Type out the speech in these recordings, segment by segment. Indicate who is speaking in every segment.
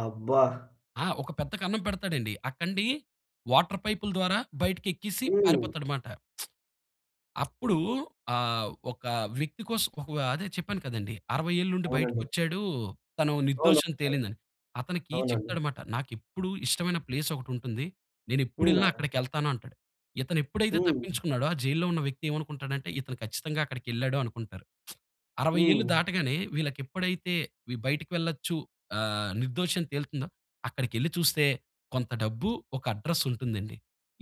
Speaker 1: అబ్బా!
Speaker 2: ఆ! ఒక పెద్ద కన్నం పెడతాడండి. ఆ కండి వాటర్ పైపుల ద్వారా బయటికెక్కేసి
Speaker 1: హ్మ్.
Speaker 2: పారిపోతాడమాట. అప్పుడు ఆహ్, ఒక వ్యక్తి కోసం ఒకవహ్‌ అదే చెప్పాను కదండీ. 60 ఏళ్ళుండి
Speaker 1: అవునండి.
Speaker 2: బయటకొచ్చాడూ తను
Speaker 1: అవును.
Speaker 2: నిర్దోషని
Speaker 1: అవును.
Speaker 2: తేలిందని అతనికి
Speaker 1: అవునండి.
Speaker 2: చెప్తాడమాట. నాకెప్పుడు ఇష్టమైన ప్లేసొకటుంటుంది.
Speaker 1: హ్మ్.
Speaker 2: నేనెప్పుడెళ్ళిన
Speaker 1: నాన్న
Speaker 2: అక్కడికెళ్తాను అంటాడు. ఇతను ఎప్పుడైతే
Speaker 1: హ్మ్.
Speaker 2: తప్పించుకున్నాడో ఆ జైల్‌లో ఉన్న వ్యక్తి ఏమనుకుంటాడంటే ఇతను ఖచ్చితంగా అక్కడికెళ్ళాడు అనుకుంటారు. 60 ఏళ్ళు
Speaker 1: హ్మ్.
Speaker 2: దాటగానే వీళ్ళకప్పుడైతే బయటికి వెళ్లొచ్చు ఆహ్, నిర్దోషని తేలుతుందో అక్కడికెళ్లి చూస్తే కొంత డబ్బు, ఒక అడ్రెస్ ఉంటుందండి.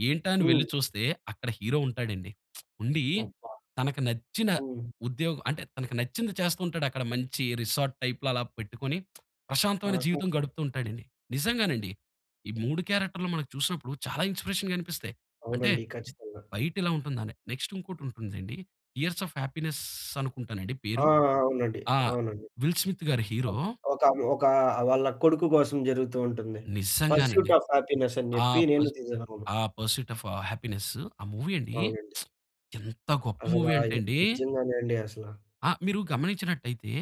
Speaker 2: ఏంటా అని వెళ్లి
Speaker 1: హ్మ్.
Speaker 2: చూస్తే అక్కడ హీరో ఉంటాడండి. ఉండి
Speaker 1: అబ్బా!
Speaker 2: తనకు నచ్చిన
Speaker 1: హ్మ్.
Speaker 2: ఉద్యోగం అంటే తనకు నచ్చింది చేస్తూ ఉంటాడు. అక్కడ మంచి రిసార్ట్ టైప్‌లో అలా పెట్టుకొని ప్రశాంతమైన
Speaker 1: ఆహా!
Speaker 2: జీవితం గడుపుతూ ఉంటాడండి. నిజంగానండి ఈ 3 క్యారెక్టర్‌లు మనం చూసినప్పుడు చాలా ఇన్స్పిరేషన్‌గా అనిపిస్తాయి. అంటే
Speaker 1: అవునండి. ఖచ్చితంగా.
Speaker 2: బయటిలా ఉంటుందనే నెక్స్‌ట్ ఇంకోటుంటుందండి. 'ఇయర్స్ ఆఫ్ హ్యాపీనెస్' అనుకుంటానండి
Speaker 1: ఆ!
Speaker 2: పేరు.
Speaker 1: ఆ! అవునండి,
Speaker 2: ఆ!
Speaker 1: అవునండి.
Speaker 2: విల్ స్మిత్ గా‌రు హీరో.
Speaker 1: అబ్ ఒకామి ఒకా వాళ్ళ కొడుకు కోసం జరుగుతూ ఉంటుంది. 'పర్స్యూట్
Speaker 2: నిజ్జంగానండి.
Speaker 1: ఆఫ్ హ్యాపీనెస్' అని జెప్పి
Speaker 2: ఆహ్,
Speaker 1: నేను
Speaker 2: పస్
Speaker 1: తేజాగారున్నాం.
Speaker 2: ఆ 'పర్స్యూట్ ఆఫ్ హ్యాపీనెస్సు.' ఆ మూవీ అండి
Speaker 1: అవునండి.
Speaker 2: ఎంత గొప్ప మూవీ అంటే
Speaker 1: అసలాయి
Speaker 2: అండి.
Speaker 1: నిజంగానే అండి అసల.
Speaker 2: ఆ! మీరు గమనించినట్టయితే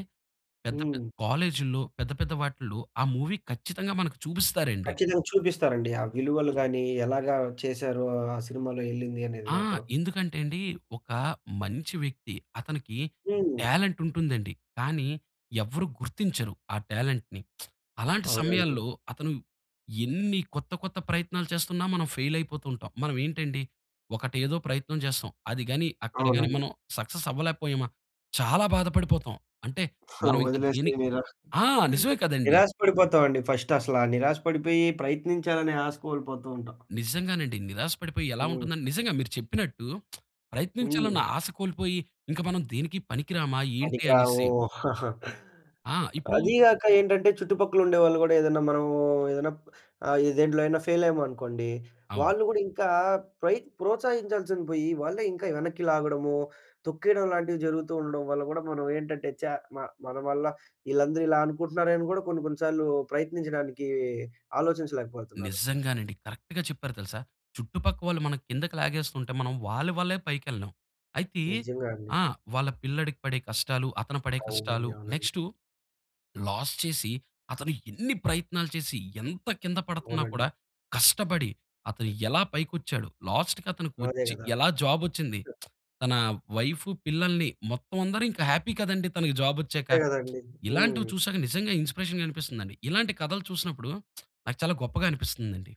Speaker 2: పెద్ద పె
Speaker 1: హ్మ్.
Speaker 2: కాలేజ్‌లో పెద్ద పెద్ద వాటిల్లో ఆ మూవీ ఖచ్చితంగా మనకు చూపిస్తారండి.
Speaker 1: కచ్చితంగా చూపిస్తారండి. ఆ విలువలు గానీ ఎలాగా చేశారో ఆ సినిమాలో ఎళ్ళింది అనేది
Speaker 2: ఆ!
Speaker 1: మాత్రం.
Speaker 2: ఎందుకంటే అండి ఒక మంచి వ్యక్తి అతనికి
Speaker 1: హ్మ్.
Speaker 2: టాలెంట్ ఉంటుందండి. కానీ ఎవ్వరు గుర్తించరు ఆ టాలెంట్‌ని. అలాంటి
Speaker 1: అవునండి.
Speaker 2: సమయాల్లో అతను ఎన్ని కొత్త కొత్త ప్రయత్నాలు చేస్తున్నా మనం ఫెయిలయిపోతూ ఉంటాం. మనం ఏంటండి ఒకటేదో ప్రయత్నం చేస్తాం. అది గానీ అక్కడ గానీ
Speaker 1: అవునండి.
Speaker 2: మనం సక్సెస్ అవ్వలేకపోయామ చాలా బాధపడిపోతాం. అంటే
Speaker 1: ఆ
Speaker 2: మనం ఇంక దీని
Speaker 1: వదిలేసి నిరా
Speaker 2: ఆ! నిజమే కదండీ!
Speaker 1: నిరాశ పడిపోతామండి. ఫస్ట్ అసల నిరాశ పడిపోయి ప్రయత్నించాలనే ఆశ కోల్పోతూ ఉంటాం.
Speaker 2: నిజ్జంగానండి. నిరాశ పడిపోయి ఎలా
Speaker 1: హ్మ్.
Speaker 2: ఉంటుందని నిజంగా మీరు చెప్పినట్టు ప్రయత్నించాలన్న
Speaker 1: హ్మ్.
Speaker 2: ఆశ కోల్పోయి ఇంక మనం దేనికి పనికి రామా ఏంటి
Speaker 1: పనికి
Speaker 2: అనేసి
Speaker 1: రాము.
Speaker 2: ఆ! ఇప్పుడు
Speaker 1: అది గాక ఏంటంటే చుట్టుపక్కలుండే వాళ్ళు గూడా ఏదైనా మనమూ ఏదైనా ఆహ్, దేంట్లో అయిన ఫెయిలయ్యామనుకోండి
Speaker 2: అవును.
Speaker 1: వాళ్ళు గూడా ఇంకా ప్రై ప్రోత్సహించాల్సింది బొయి వాళ్ళే ఇంకా వెనక్కి లాగడము, తొక్కేయడం లాంటివి జరుగుతూ ఉండడం వల్ల గూడా మనం ఏంటంటే చ మ మన వల్ల ఈళ్ళందరూ ఇలా అనుకుంటున్నారే అని గూడా కొన్ని కొన్ని సార్లు ప్రయత్నించడానికీ ఆలోచించలేకపోతున్నారు.
Speaker 2: నిజ్జంగానండి కరెక్ట్‌గా చెప్పారు తెలుసా. చుట్టుపక్క వాళ్ళు మనం కిందకి లాగేసుకుంటే మనం వాళ్ళ వల్లే పైకెళ్ళేం. అయితే
Speaker 1: నిజంగా అండి.
Speaker 2: ఆ! వాళ్ళ పిల్లాడికి పడే కష్టాలు అతను పడే కష్టాలు
Speaker 1: అవునండి, అవునండి.
Speaker 2: నెక్స్‌టు లాస్ చేసి అతను ఎన్ని ప్రయత్నాలు చేసి ఎంత కింద పడతన్నా కూడా
Speaker 1: అవునండి.
Speaker 2: కష్టపడి అతను ఎలా పైకొచ్చాడు లాస్ట్‌కి
Speaker 1: అదే
Speaker 2: అతనికొచ్చి
Speaker 1: గదా!
Speaker 2: ఎలా జాబొచ్చింది
Speaker 1: ట
Speaker 2: తన వైఫ్, పిల్లల్ని మొత్తం అందరు ఇంక హ్యాపీ కదండీ తనకి జాబొచ్చాక.
Speaker 1: అంతే గదండీ.
Speaker 2: ఇలాంటివి
Speaker 1: హ్మ్.
Speaker 2: చూశాక నిజంగా ఇన్‌స్పిరేషన్‌గా అనిపిస్తుందండి. ఇలాంటి కథలు చూసినప్పుడు నాకు చాలా గొప్పగా అనిపిస్తుందండి.